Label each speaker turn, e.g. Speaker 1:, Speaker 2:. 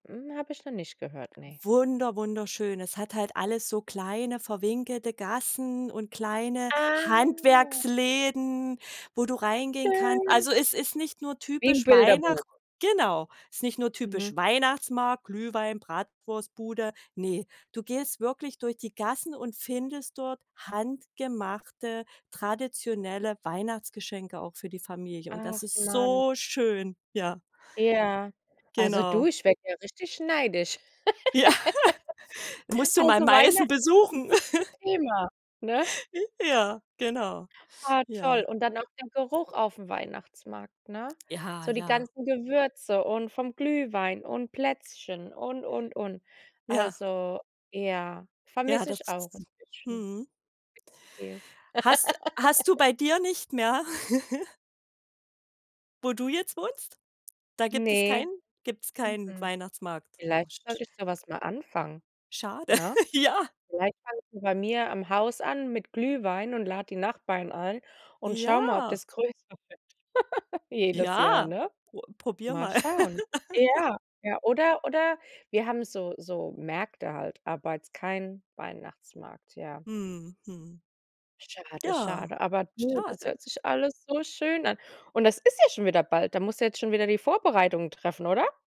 Speaker 1: Hm, habe ich noch nicht gehört, ne.
Speaker 2: Wunder wunderschön. Es hat halt alles so kleine verwinkelte Gassen und kleine
Speaker 1: Ah.
Speaker 2: Handwerksläden, wo du reingehen kannst.
Speaker 1: Schön
Speaker 2: Also es ist nicht nur
Speaker 1: Wie im
Speaker 2: typisch Weihnacht
Speaker 1: Bilderbuch.
Speaker 2: genau. Ist nicht nur
Speaker 1: Mhm.
Speaker 2: typisch Weihnachtsmarkt, Glühwein, Bratwurstbude. Ne, du gehst wirklich durch die Gassen und findest dort handgemachte, traditionelle Weihnachtsgeschenke auch für die Familie. Und das
Speaker 1: Ach
Speaker 2: ist
Speaker 1: Mann.
Speaker 2: so schön, ja.
Speaker 1: Ja. Also du,
Speaker 2: Genau.
Speaker 1: ich werde ja richtig neidisch.
Speaker 2: Ja, musst du mal
Speaker 1: Also
Speaker 2: Meißen
Speaker 1: Weihnachten ist 'n
Speaker 2: besuchen.
Speaker 1: bisschen Thema, ne?
Speaker 2: J ja, genau.
Speaker 1: Ah, toll.
Speaker 2: Ja.
Speaker 1: Und dann noch der Geruch aufm Weihnachtsmarkt, ne?
Speaker 2: Ja,
Speaker 1: So die
Speaker 2: ja.
Speaker 1: ganzen Gewürze und vom Glühwein und Plätzchen und, und, und.
Speaker 2: Ja.
Speaker 1: Also, ja,
Speaker 2: Ja,
Speaker 1: vermisse
Speaker 2: das
Speaker 1: ich auch 'n bisschen.
Speaker 2: mhm.
Speaker 1: Viel.
Speaker 2: Hast hast du bei dir nicht mehr? Wo du jetzt wohnst? Da gibt es
Speaker 1: Ne,
Speaker 2: keinen gibt's keinen
Speaker 1: mhm,
Speaker 2: Weihnachtsmarkt. Oh,
Speaker 1: vielleicht
Speaker 2: sch
Speaker 1: sollte ich so was mal anfangen,
Speaker 2: Schade,
Speaker 1: ne?
Speaker 2: ja.
Speaker 1: Vielleicht fange ich bei mir am Haus an mit Glühwein und lade die Nachbarn ein und schaue mal, ob
Speaker 2: Ja.
Speaker 1: das größer wird jedes Jahr,
Speaker 2: Ja,
Speaker 1: ne?
Speaker 2: pro probiere
Speaker 1: Mal
Speaker 2: mal.
Speaker 1: schauen. Ja. Ja, oder oder wir haben so so Märkte halt, aber jetzt kein Weihnachtsmarkt, ja.
Speaker 2: Mhm, mhm.
Speaker 1: Schade,
Speaker 2: Ja,
Speaker 1: schade. Aber du, das
Speaker 2: schade.
Speaker 1: hört sich alles so schön an. Und das ist ja schon wieder bald. Da musst du jetzt schon wieder die Vorbereitungen treffen, oder?